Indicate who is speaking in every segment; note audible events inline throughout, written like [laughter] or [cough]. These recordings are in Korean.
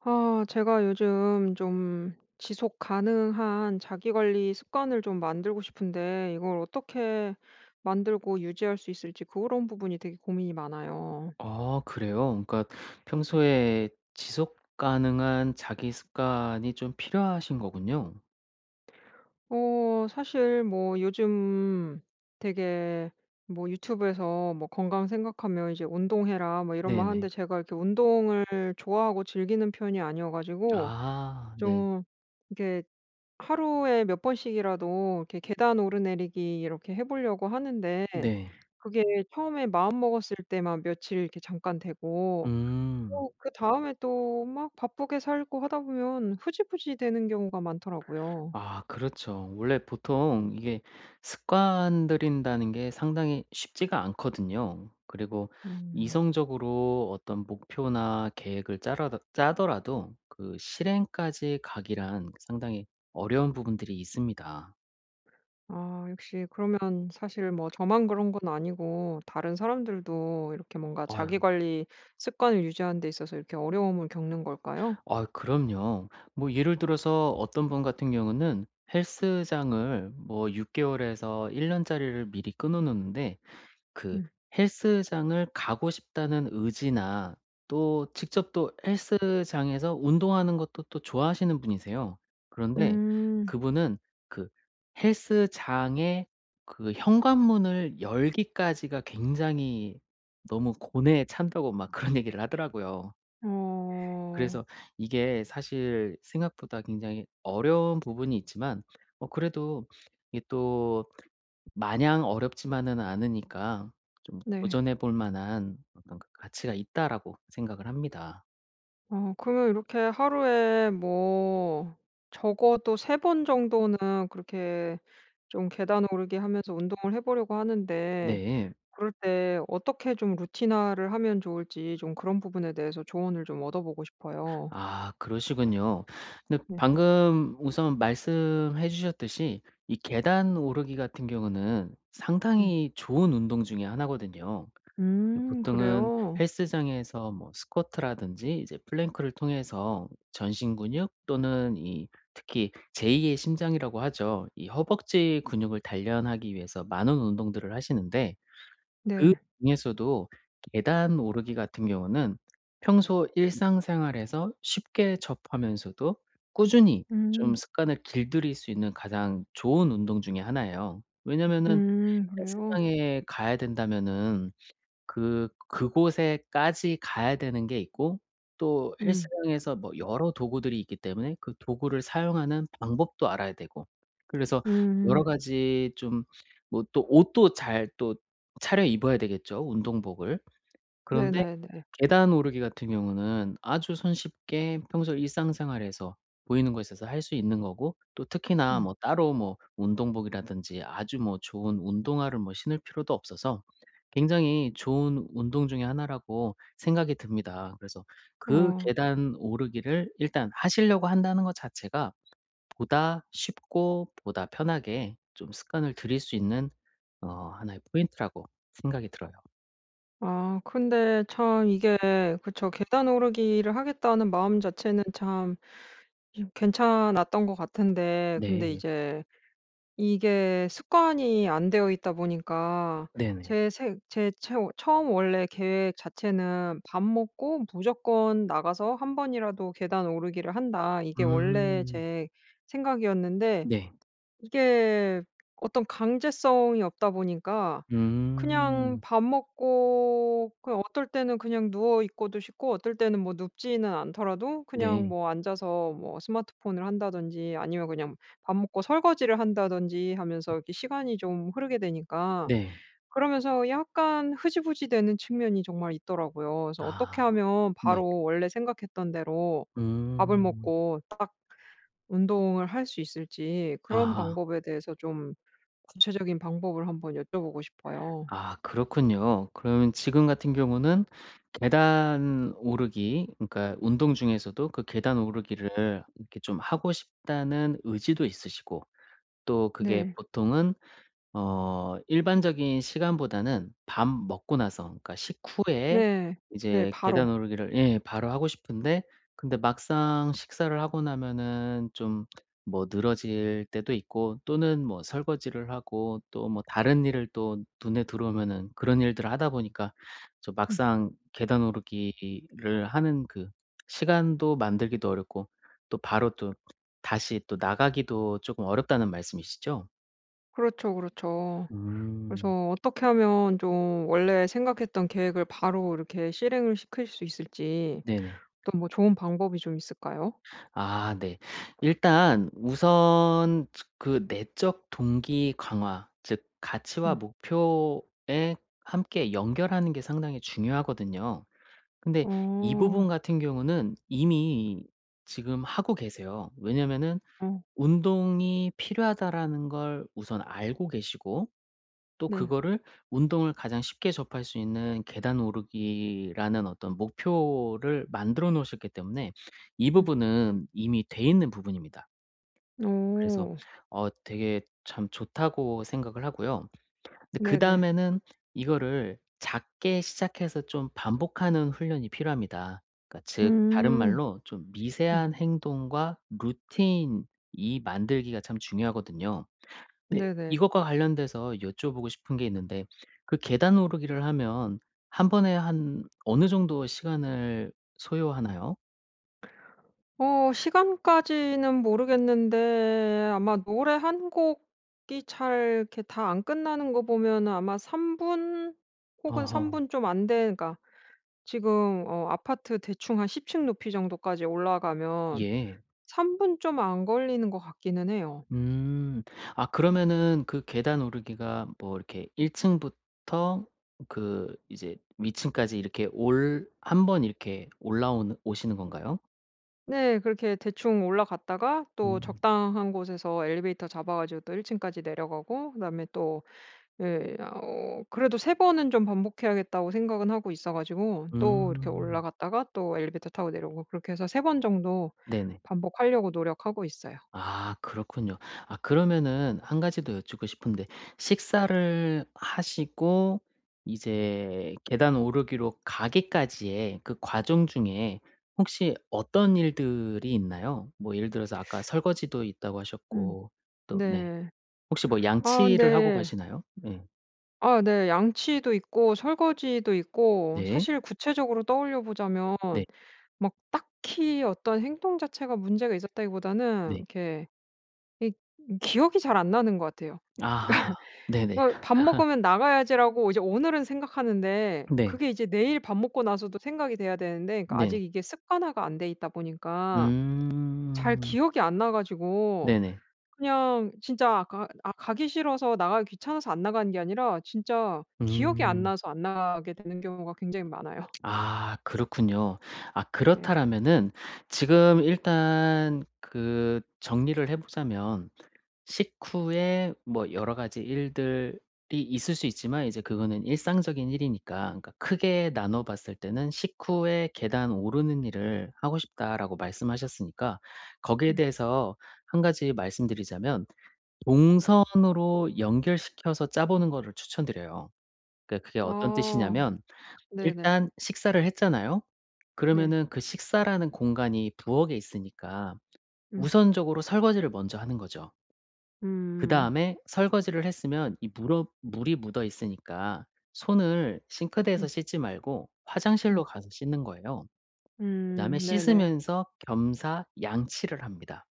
Speaker 1: 아 제가 요즘 좀 지속 가능한 자기 관리 습관을 좀 만들고 싶은데 이걸 어떻게 만들고 유지할 수 있을지 그런 부분이 되게 고민이
Speaker 2: 어
Speaker 1: 많아요.
Speaker 2: 아 그래요? 응 그러니까
Speaker 1: 음.
Speaker 2: 평소에 지속 가능한 자기 습관이 좀 필요하신 거군요.
Speaker 1: 어 사실 뭐 요즘 되게 뭐 유튜브에서 뭐 건강 생각하면 이제 "운동해라." 뭐 이런 말
Speaker 2: 네네.
Speaker 1: 하는데 제가 이렇게 운동을 좋아하고 즐기는 편이 아니어 가지고
Speaker 2: 아 네.
Speaker 1: 좀 이렇게 하루에 몇 번씩이라도 이렇게 계단 오르내리기 이렇게 해 보려고 하는데
Speaker 2: 네.
Speaker 1: 그게 처음에 마음 먹었을 때만 며칠 이렇게 잠깐 되고
Speaker 2: 음.
Speaker 1: 또 그다음에 또 막 바쁘게 살고 하다 보면 흐지부지되는 경우가 많더라고요.
Speaker 2: 아 그렇죠. 원래 보통 이게 습관 들인다는 게 상당히 쉽지가 않거든요. 그리고
Speaker 1: 음.
Speaker 2: 이성적으로 어떤 목표나 계획을 짜라더 짜더라도 그 실행까지 가기란 상당히 어려운 부분들이 있습니다.
Speaker 1: 아 역시 그러면 사실 뭐 저만 그런 건 아니고 다른 사람들도 이렇게 뭔가
Speaker 2: 아유.
Speaker 1: 자기 관리 습관을 유지하는 데 있어서 이렇게 어려움을 겪는 걸까요?
Speaker 2: 아유 그럼요. 뭐 예를 들어서 어떤 분 같은 경우는 헬스장을 뭐 6 개월에서 1 년짜리를 미리 끊어 놓는데 그
Speaker 1: 음.
Speaker 2: '헬스장을 가고 싶다.'는 의지나 또 직접 또 헬스장에서 운동하는 것도 또 좋아하시는 분이세요. 그런데
Speaker 1: 음.
Speaker 2: 그분은 그 "헬스장에 그 현관문을 열기까지가 굉장히 너무 고뇌에 찬다."고 막 그런 얘기를 하더라고요.
Speaker 1: 어.
Speaker 2: 그래서 이게 사실 생각보다 굉장히 어려운 부분이 있지만 어 그래도 이게 또 마냥 어렵지만은 않으니까 좀
Speaker 1: 네.
Speaker 2: '도전해볼 만한 어떤 가치가 있다.'라고 생각을 합니다.
Speaker 1: 어 그러면 이렇게 하루에 뭐 적어도 3 번 정도는 그렇게 좀 계단 오르기 하면서 운동을 해 보려고 하는데
Speaker 2: 네.
Speaker 1: 그럴 때 어떻게 좀 루틴화를 하면 좋을지 좀 그런 부분에 대해서 조언을 좀 얻어 보고 싶어요.
Speaker 2: 아 그러시군요. 근데
Speaker 1: 네.
Speaker 2: 방금 우선 말씀해 주셨듯이 이 계단 오르기 같은 경우는
Speaker 1: 음.
Speaker 2: 상당히 좋은 운동 중에 1 거든요. 이
Speaker 1: 음
Speaker 2: 보통은
Speaker 1: 그래요?
Speaker 2: 헬스장에서 뭐 스쿼트라든지 이제 플랭크를 통해서 전신 근육 또는 이 특히 제2 의 심장이라고 하죠. 이 허벅지 근육을 단련하기 위해서 많은 운동들을 하시는데
Speaker 1: 네.
Speaker 2: 그중에서도 계단 오르기 같은 경우는 평소 일상생활에서 쉽게 접하면서도 꾸준히 쫌
Speaker 1: 음.
Speaker 2: 습관을 길들일 수 있는 가장 좋은 운동 중에 1 예요. 왜냐하면은
Speaker 1: 음 그래요?
Speaker 2: 헬스장에 가야 된다면은 그 그곳에까지 가야 되는 게 있고 또
Speaker 1: 음.
Speaker 2: 헬스장에서 뭐 여러 도구들이 있기 때문에 그 도구를 사용하는 방법도 알아야 되고 그래서 여러
Speaker 1: 음.
Speaker 2: 가지 좀 뭐 또 옷도 잘 또 차려 입어야 되겠죠 운동복을? 그런데
Speaker 1: 네네네.
Speaker 2: 계단 오르기 같은 경우는 아주 손쉽게 평소 일상생활에서 보이는 곳에서 할 수 있는 거고 또 특히나
Speaker 1: 음.
Speaker 2: 뭐 따로 뭐 운동복이라든지 아주 뭐 좋은 운동화를 뭐 신을 필요도 없어서 굉장히 좋은 운동 중에 1 라고 생각이 듭니다. 그래서 그
Speaker 1: 어.
Speaker 2: 계단 오르기를 일단 하시려고 한다는 거 자체가 보다 쉽고 보다 편하게 좀 습관을 들일 수 있는 어 1 의 포인트라고 생각이 들어요.
Speaker 1: 아 근데 참 이게 그쵸. '계단 오르기를 하겠다.'는 마음 자체는 참 괜찮았던 것 같은데 근데
Speaker 2: 네.
Speaker 1: 이제 이게 습관이 안 되어 있다 보니까
Speaker 2: 네네.
Speaker 1: 제 새 제 체오 처음 원래 계획 자체는 '밥 먹고 무조건 나가서 1 번이라도 계단 오르기를 한다.' 이게 원래
Speaker 2: 음.
Speaker 1: 제 생각이었는데
Speaker 2: 네.
Speaker 1: 이게 어떤 강제성이 없다 보니까 그냥
Speaker 2: 음.
Speaker 1: 밥 먹고 그냥 어떨 때는 그냥 누워있고도 싶고 어떨 때는 뭐 눕지는 않더라도 그냥
Speaker 2: 네.
Speaker 1: 뭐 앉아서 뭐 스마트폰을 한다든지 아니면 그냥 밥 먹고 설거지를 한다든지 하면서 이렇게 시간이 좀 흐르게 되니까
Speaker 2: 네.
Speaker 1: 그러면서 약간 흐지부지되는 측면이 정말 있더라고요. 그래서 어떻게
Speaker 2: 아.
Speaker 1: 하면
Speaker 2: 네.
Speaker 1: 바로 원래 생각했던 대로 밥을
Speaker 2: 음.
Speaker 1: 먹고 딱 운동을 할 수 있을지 그런
Speaker 2: 아하.
Speaker 1: 방법에 대해서 좀 구체적인 방법을 한번 여쭤보고 싶어요.
Speaker 2: 아 그렇군요. 그러면 지금 같은 경우는 계단 오르기 그러니까 운동 중에서도 그 '계단 오르기를 이렇게 좀 하고 싶다.'는 의지도 있으시고 또 그게
Speaker 1: 네.
Speaker 2: 보통은 어 일반적인 시간보다는 밥 먹고 나서 그러니까 식후에
Speaker 1: 네. 네
Speaker 2: 이제 계단
Speaker 1: 바로.
Speaker 2: 오르기를 예. 바로 하고 싶은데 근데 막상 식사를 하고 나면은 좀 뭐 늘어질 때도 있고 또는 뭐 설거지를 하고 또 뭐 다른 일을 또 눈에 들어오면은 그런 일들을 하다 보니까 좀
Speaker 1: 음.
Speaker 2: 막상 '계단 오르기를 하는 그 시간도 만들기도 어렵고 또 바로 또 다시 또 나가기도 쪼금 어렵다.'는 말씀이시죠?
Speaker 1: 그렇죠, 그렇죠.
Speaker 2: 음.
Speaker 1: 그래서 어떻게 하면 좀 원래 생각했던 계획을 바로 이렇게 실행을 시킬 수 있을지
Speaker 2: 네네.
Speaker 1: 또 뭐 좋은 방법이 좀 있을까요?
Speaker 2: 아 네. 일단 우선 츠 그 내적 동기 강화 즉 가치와
Speaker 1: 음.
Speaker 2: 목표에 함께 연결하는 게 상당히 중요하거든요. 근데 이 부분
Speaker 1: 어.
Speaker 2: 같은 경우는 이미 지금 하고 계세요. 왜냐하면은
Speaker 1: 어.
Speaker 2: '운동이 필요하다.'라는 걸 우선 알고 계시고 또
Speaker 1: 네.
Speaker 2: 그거를 운동을 가장 쉽게 접할 수 있는 계단 오르기라는 어떤 목표를 만들어 놓으셨기 때문에 이
Speaker 1: 음.
Speaker 2: 부분은 이미 돼 있는 부분입니다. 그래서
Speaker 1: 어.
Speaker 2: 어 되게 참 좋다고 생각을 하고요. 근데
Speaker 1: 네네.
Speaker 2: 그다음에는 이거를 작게 시작해서 좀 반복하는 훈련이 필요합니다. 그러니까 즉 다른
Speaker 1: 음.
Speaker 2: 말로 좀
Speaker 1: 음.
Speaker 2: 미세한 행동과 루틴 이 만들기가 참 중요하거든요. 근데
Speaker 1: 네네.
Speaker 2: 이것과 관련돼서 여쭤보고 싶은 게 있는데 그 계단 오르기를 하면 1 번에 한 어느 정도의 시간을 소요하나요?
Speaker 1: 어 시간까지는 모르겠는데 아마 노래 1 곡이 잘 이렇게 다 안 끝나는 거 보면 아마 3분 혹은 3
Speaker 2: 어허.
Speaker 1: 분 좀 안 되 그니까 지금 어 아파트 대충 한 10 층 높이 정도까지 올라가면
Speaker 2: 예.
Speaker 1: 3 분 좀 안 걸리는 것 같기는 해요.
Speaker 2: 음. 아 그러면은 그 계단 오르기가 뭐 이렇게
Speaker 1: 음.
Speaker 2: 1 층부터 그 이제 위층까지 이렇게 올 1 번 이렇게 올라오는 오시는 건가요?
Speaker 1: 네. 그렇게 대충 올라갔다가 또
Speaker 2: 음.
Speaker 1: 적당한 곳에서 엘리베이터 잡아 가지고 또 1 층까지 내려가고 그다음에 또 예 어 그래도 '3 번은 좀 반복해야겠다.'고 생각은 하고 있어 가지고 또 이렇게
Speaker 2: 음.
Speaker 1: 올라갔다가 또 엘리베이터 타고 내려오고 그렇게 해서 3 번 정도
Speaker 2: 네네.
Speaker 1: 반복하려고 노력하고 있어요.
Speaker 2: 아 그렇군요. 아 그러면은 1 가지 더 여쭙고 싶은데 식사를 하시고 이제 계단 오르기로 가기까지의 그 과정 중에 혹시 어떤 일들이 있나요? 뭐 예를 들어서 아까 설거지도 있다고
Speaker 1: 음
Speaker 2: 하셨고 또 네
Speaker 1: 네.
Speaker 2: 혹시 뭐
Speaker 1: 아
Speaker 2: 양치를 하고
Speaker 1: 근데
Speaker 2: 가시나요? 네.
Speaker 1: 아 네. 양치도 있고 설거지도 있고
Speaker 2: 네.
Speaker 1: 사실 구체적으로 떠올려 보자면
Speaker 2: 네.
Speaker 1: 막 딱히 어떤 행동 자체가 문제가 있었다기보다는
Speaker 2: 네.
Speaker 1: 이렇게 이 기억이 잘 안 나는 것 같아요.
Speaker 2: 아. 네네.
Speaker 1: 그러니까 뭐 '밥
Speaker 2: [laughs]
Speaker 1: 먹으면 나가야지.'라고 이제 오늘은 생각하는데
Speaker 2: 네.
Speaker 1: 그게 이제 내일 밥 먹고 나서도 생각이 돼야 되는데 그
Speaker 2: 네.
Speaker 1: 아직 이게 습관화가 안 돼 있다 보니까 잘
Speaker 2: 음.
Speaker 1: 기억이 안 나 가지고
Speaker 2: 네네.
Speaker 1: 그냥 진짜 아 가 아 가기 싫어서 나가기 귀찮아서 안 나가는 게 아니라 진짜 기억이 안
Speaker 2: 음.
Speaker 1: 나서 안 나가게 되는 경우가 굉장히 많아요.
Speaker 2: 아 그렇군요. 아
Speaker 1: 네.
Speaker 2: 그렇다라면은 지금 일단 그 정리를 해 보자면 식후에 뭐 여러 가지 일들이 있을 수 있지만 이제 그거는 일상적인 일이니까 그러니까 크게
Speaker 1: 음.
Speaker 2: 나눠봤을 때는 "식후에 계단 오르는 일을 하고 싶다."라고 말씀하셨으니까 거기에
Speaker 1: 음.
Speaker 2: 대해서 1 가지 말씀드리자면 동선으로 연결시켜서 짜 보는 거를 추천 드려요. 그러니까 그게 어떤
Speaker 1: 아.
Speaker 2: 뜻이냐면
Speaker 1: 네네.
Speaker 2: 일단 식사를 했잖아요.
Speaker 1: 네.
Speaker 2: 그러면은 그 식사라는 공간이 부엌에 있으니까
Speaker 1: 음.
Speaker 2: 우선적으로 설거지를 먼저 하는 거죠.
Speaker 1: 음.
Speaker 2: 그다음에 설거지를 했으면 이 물어 물이 묻어 있으니까 손을 싱크대에서
Speaker 1: 음.
Speaker 2: 씻지 말고 화장실로
Speaker 1: 음.
Speaker 2: 가서 씻는 거예요.
Speaker 1: 음
Speaker 2: 그다음에
Speaker 1: 네네.
Speaker 2: 씻으면서 겸사 양치를 합니다.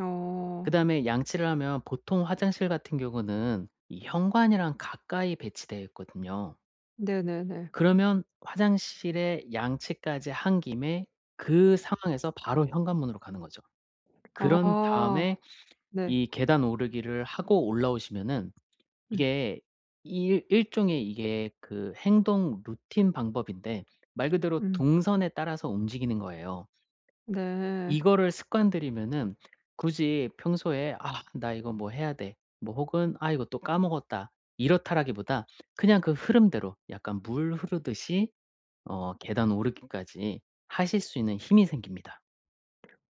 Speaker 1: 어.
Speaker 2: 그다음에 양치를 하면 보통 화장실 같은 경우는 이 현관이랑 가까이 배치되어 있거든요.
Speaker 1: 네네네.
Speaker 2: 그러면 화장실에 양치까지 한 김에 그 상황에서 바로 현관문으로 가는 거죠. 그런
Speaker 1: 아
Speaker 2: 다음에
Speaker 1: 네.
Speaker 2: 이 계단 오르기를 하고 올라오시면은
Speaker 1: 음.
Speaker 2: 이게 이 일종의 이게 그 행동 루틴 방법인데 말 그대로
Speaker 1: 음.
Speaker 2: 동선에 따라서 움직이는 거예요.
Speaker 1: 네.
Speaker 2: 이거를 습관들이면은 굳이 평소에 '아 나 이거 뭐 해야 돼.' 뭐 혹은 '아 이거 또 까먹었다.' 이렇다라기보다 그냥 그 흐름대로 약간 물 흐르듯이 어 계단 오르기까지 하실 수 있는 힘이 생깁니다.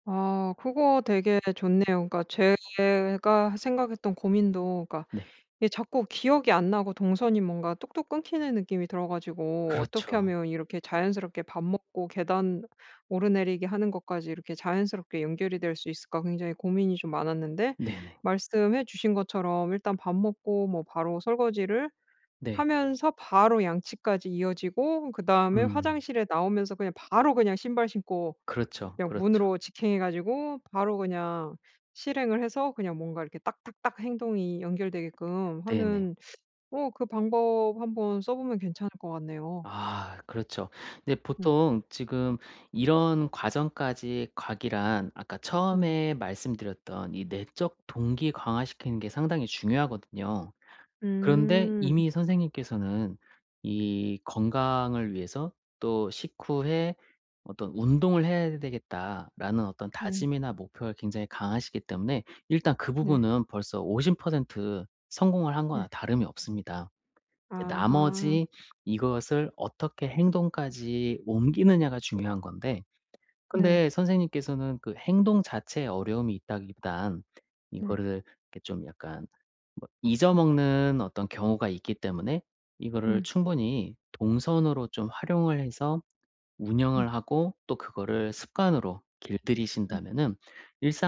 Speaker 1: 아 그거 되게 좋네요. 그러니까 제가 생각했던 고민도 그러니까
Speaker 2: 네.
Speaker 1: 이게 자꾸 기억이 안 나고 동선이 뭔가 뚝뚝 끊기는 느낌이 들어 가지고 '어떻게
Speaker 2: 그렇죠.
Speaker 1: 하면 이렇게 자연스럽게 밥 먹고 계단 오르내리기 하는 것까지 이렇게 자연스럽게 연결이 될 수 있을까?' 굉장히 고민이 좀 많았는데
Speaker 2: 네네.
Speaker 1: 말씀해 주신 것처럼 일단 밥 먹고 뭐 바로 설거지를
Speaker 2: 네.
Speaker 1: 하면서 바로 양치까지 이어지고 그다음에
Speaker 2: 음.
Speaker 1: 화장실에 나오면서 그냥 바로 그냥 신발 신고
Speaker 2: 그렇죠,
Speaker 1: 그냥
Speaker 2: 그렇죠.
Speaker 1: 문으로 직행해 가지고 바로 그냥 실행을 해서 그냥 뭔가 이렇게 딱딱딱 행동이 연결되게끔
Speaker 2: 네네.
Speaker 1: 하는 어 그 방법 한번 써보면 괜찮을 것 같네요.
Speaker 2: 아 그렇죠. 이제
Speaker 1: 음.
Speaker 2: 보통 지금 이런 과정까지 가기란 아까
Speaker 1: 음.
Speaker 2: 처음에 말씀드렸던 이 내적 동기 강화시키는 게 상당히 중요하거든요. 그런데
Speaker 1: 음.
Speaker 2: 이미 선생님께서는 이 건강을 위해서 또 식후에 '어떤 운동을 해야 되겠다.'라는 어떤
Speaker 1: 음.
Speaker 2: 다짐이나 목표가 굉장히 강하시기 때문에 일단 그
Speaker 1: 네.
Speaker 2: 부분은 벌써 50% 성공을 한 거나
Speaker 1: 네.
Speaker 2: 다름이 없습니다. 이제
Speaker 1: 아하.
Speaker 2: 나머지 이것을 어떻게 행동까지 옮기느냐가 중요한 건데
Speaker 1: 네.
Speaker 2: 근데 선생님께서는 그 행동 자체에 어려움이 있다기 딴
Speaker 1: 네.
Speaker 2: 이거를 이렇게 좀 약간 뭐 잊어 먹는 어떤 경우가 있기 때문에 이거를
Speaker 1: 음.
Speaker 2: 충분히 동선으로 좀 활용을 해서
Speaker 1: 음.
Speaker 2: 운영을 하고 또 그거를 습관으로
Speaker 1: 음.
Speaker 2: 길들이신다면은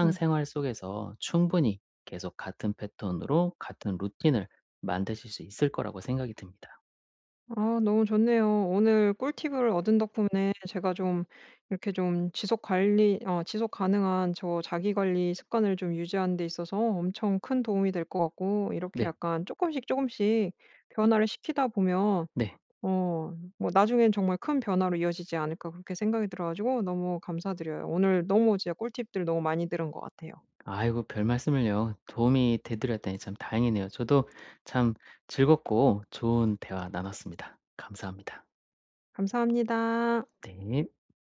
Speaker 1: 네.
Speaker 2: 속에서 충분히 계속 같은 패턴으로 같은 루틴을 만드실 수 있을 거라고 생각이 듭니다.
Speaker 1: 아 너무 좋네요. 오늘 꿀팁을 얻은 덕분에 제가 좀 이렇게 좀 지속 관리 어 지속가능한 저 자기 관리 습관을 좀 유지하는 데 있어서 엄청 큰 도움이 될 것 같고 이렇게
Speaker 2: 네.
Speaker 1: 약간 쪼끔씩, 쪼금씩 변화를 시키다 보면
Speaker 2: 네.
Speaker 1: 어 뭐 '나중에는 정말 큰 변화로 이어지지 않을까?' 그렇게 생각이 들어 가지고 너무 감사드려요. 오늘 너무 진짜 꿀팁들 너무 많이 들은 것 같아요.
Speaker 2: 아이고 별말씀을요. 도움이 돼 드렸다니 참 다행이네요. 저도 참 즐겁고 좋은 대화 나눴습니다. 감사합니다.
Speaker 1: 감사합니다.
Speaker 2: 네.